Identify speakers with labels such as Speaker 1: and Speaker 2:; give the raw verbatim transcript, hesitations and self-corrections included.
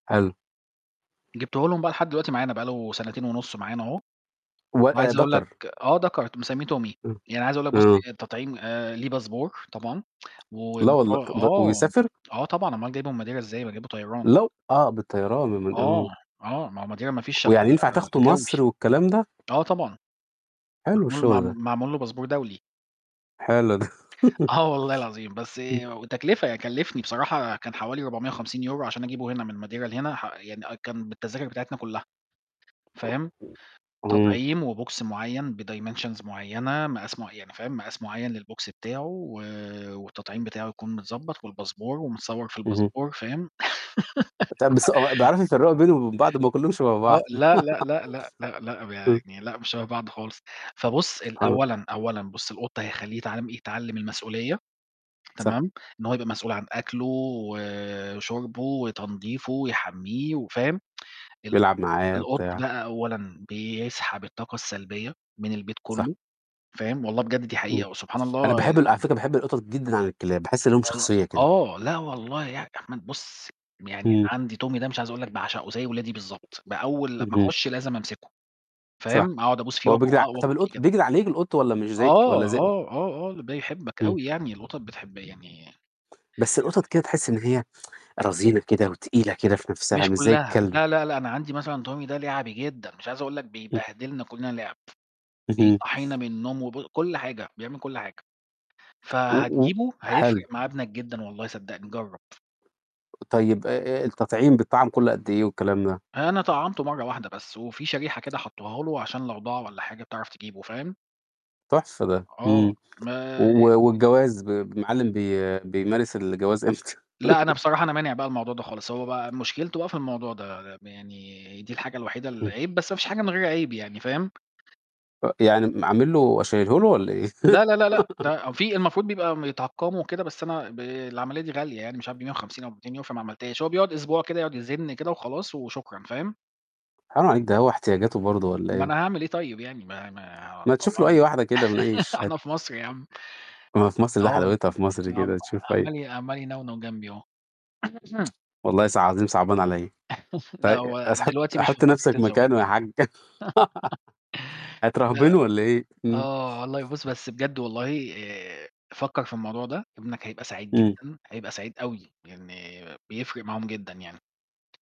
Speaker 1: حلو.
Speaker 2: جبتُه لهم بقى لحد دلوقتي معانا بقى له سنتين ونُص معانا أهو،
Speaker 1: و أ
Speaker 2: وعايز أقول لك
Speaker 1: دكر.
Speaker 2: آه دكر مِسميه Tommy.
Speaker 1: امم،
Speaker 2: يعني عايز أقول لك بُص
Speaker 1: امم.
Speaker 2: التطعيم ليه باسبور طبعًا و
Speaker 1: لا
Speaker 2: مف
Speaker 1: والله، طب د
Speaker 2: آه،
Speaker 1: ويسافر؟!
Speaker 2: آه طبعًا، أومال جايبُه من Madeira إزاي، ما جايبُه طيران.
Speaker 1: لو آه بالطيران، [unintelligible]
Speaker 2: آه،
Speaker 1: آمم.
Speaker 2: آه، ما هو Madeira ما فيش إلّا
Speaker 1: ويعني ينفع تاخده
Speaker 2: الجوي.
Speaker 1: مصر والكلام ده؟
Speaker 2: آه طبعًا.
Speaker 1: حلو
Speaker 2: معمول مع
Speaker 1: الشغل ده.
Speaker 2: معمول له باسبور دولي.
Speaker 1: حلو ده.
Speaker 2: آه والله العظيم. بس
Speaker 1: امم.
Speaker 2: وتكلفة، كلّفني بصراحة كان حوالي رُبعُمِية وخمسين يورو عشان أجيبه هنا من Madeira لهنا ح يعني آه كان بالتذاكر بتاعتنا كُلّها، فاهم،
Speaker 1: إمم.
Speaker 2: تطعيم وBox معيّن بdimensions معيّنة، مقاس معيّ يعني فاهم، مقاس معيّن للBox بتاعُه و والتطعيم بتاعُه يكون متضبط والباسبور ومتصور في
Speaker 1: اهم.
Speaker 2: الباسبور فاهم.
Speaker 1: طب بس هو بيعرفوا يفرّقوا بينه وبين بعض؟ ما كلّهم شَبَه بعض.
Speaker 2: آه، لا، لأ، لأ، لأ، لأ، لأ،
Speaker 1: امم.
Speaker 2: يعني لأ مش شَبَه بعض خالص. فبُص ال
Speaker 1: سبحان
Speaker 2: أولًا، أولًا بُص القط هيخلّيه يتعمل يتعلم المسؤولية،
Speaker 1: صح.
Speaker 2: تمام، إن هو يبقى مسؤول عن أكلُه، وشربُه، وتنضيفُه، ويحمّيه وفاهم، القط
Speaker 1: يلعب معايا
Speaker 2: القط
Speaker 1: وبتاع.
Speaker 2: بقى أولًا بيسحب الطاقة السلبية من البيت
Speaker 1: صح.
Speaker 2: كٌلّه فاهم، والله بجد دي
Speaker 1: امم.
Speaker 2: حقيقة وسبحان
Speaker 1: أنا
Speaker 2: الله
Speaker 1: باحب ال على
Speaker 2: ي
Speaker 1: فكرة باحب القطط جدًا عن الكلاب، باحس ليهم
Speaker 2: [unintelligible]
Speaker 1: شخصية كده.
Speaker 2: آه، لا والله يا يا أحمد بُص، يعني أنا
Speaker 1: امم.
Speaker 2: عَندي Tommy ده مش عايز أقول لك باعشقه زي ولادي بالضبط. بأول لمّا
Speaker 1: اهم.
Speaker 2: أخش لازم أمسكه.
Speaker 1: صح،
Speaker 2: فاهم، أقعد أبوس فيه
Speaker 1: هو
Speaker 2: وآك
Speaker 1: بيجري ع طب
Speaker 2: وآكل فيه
Speaker 1: القط
Speaker 2: كده.
Speaker 1: بيجري عليك القط والّا مش زيك
Speaker 2: آه،
Speaker 1: والّا زي
Speaker 2: آه، آه، آه، ده يحبك
Speaker 1: إمم.
Speaker 2: أوي يعني، القطط بتحب يعني
Speaker 1: بس القطط كده تحس إن
Speaker 2: [unintelligible]
Speaker 1: هي رزينة كده وتقيلة كده في نَفْسها،
Speaker 2: مش
Speaker 1: مش زي
Speaker 2: كُلّها،
Speaker 1: الكلب.
Speaker 2: لا، لا، لأ، أنا عَندي مثلًا Tommy ده لِعَبي جدًا، مش عايز أقول لك
Speaker 1: امم.
Speaker 2: بيبهدلنا كُلّنا لعب،
Speaker 1: اهم.
Speaker 2: بيصحينا من النوم وبُ كُلّ حاجة، بيعمل كُلّ حاجة.
Speaker 1: و و
Speaker 2: فهتجيبه
Speaker 1: حلو.
Speaker 2: هيفرق مع ابنك جدًا والله صدقني جرَّب.
Speaker 1: طيب آآ آآ التطعيم بيتطعم كُلّ قد إيه والكلام ده؟
Speaker 2: أنا طعَّمته مَرّة واحدة بس، وفي شريحة كده حطوها له عشان لو ضاع والّا حاجة تعرف تجيبه، فاهم.
Speaker 1: تحفة ده.
Speaker 2: آه،
Speaker 1: إمم.
Speaker 2: ما
Speaker 1: و
Speaker 2: ي ي
Speaker 1: والجواز ب المَعلِم بي بيمارس الجواز إمتى؟
Speaker 2: لأ، أنا بصراحة أنا مانع بقى الموضوع ده خالص، هو بقى مشكلته بقى في الموضوع ده، يعني دي الحاجة الوحيدة
Speaker 1: امم.
Speaker 2: العيب، بس ما فيش حاجة من غير عيب يعني فاهم.
Speaker 1: فيعني م عامل له شايله له والّا إيه؟
Speaker 2: لا، لا، لا، لأ ده في المفروض بيبقى يتعقموا وكده بس أنا ب العملية دي غالية يعني مش عارف بمِيّة وخمسين أو بميتين يورو فما عملتهاش. هو بيقعد أسبوع كده يقعد يزّن كده وخلاص وشكرًا فاهم.
Speaker 1: حرام عليك ده هو احتياجاته برضه والّا
Speaker 2: ما
Speaker 1: إيه؟
Speaker 2: أنا هاعمل إيه طيب يعني، ما ما
Speaker 1: ما تشوف له
Speaker 2: دوّرنا.
Speaker 1: أي واحدة كده من أي شها
Speaker 2: إحنا في مصر يا عم.
Speaker 1: ما في مصر ده
Speaker 2: آه
Speaker 1: حلاوتها في مصر كده
Speaker 2: [unintelligible]
Speaker 1: تشوف [unintelligible]
Speaker 2: عمّال عمّال ينونو جنبي أهو.
Speaker 1: والله صع عظيم صعبان عليّا.
Speaker 2: لأ،
Speaker 1: في
Speaker 2: هو
Speaker 1: س حُط
Speaker 2: دلوقتي مش في
Speaker 1: حُط
Speaker 2: فترة
Speaker 1: نَفْسك
Speaker 2: الزواج.
Speaker 1: مكانه يا حاج.
Speaker 2: لأ
Speaker 1: هترهبنُه والّا إيه؟ إمم.
Speaker 2: آه، والله بُص، بس بجد والله آآ فكَّر في الموضوع ده، ابنك هيبقى سعيد
Speaker 1: إمم.
Speaker 2: جدًا، هيبقى سعيد أوي، يعني بيفرق معاهم جدًا يعني.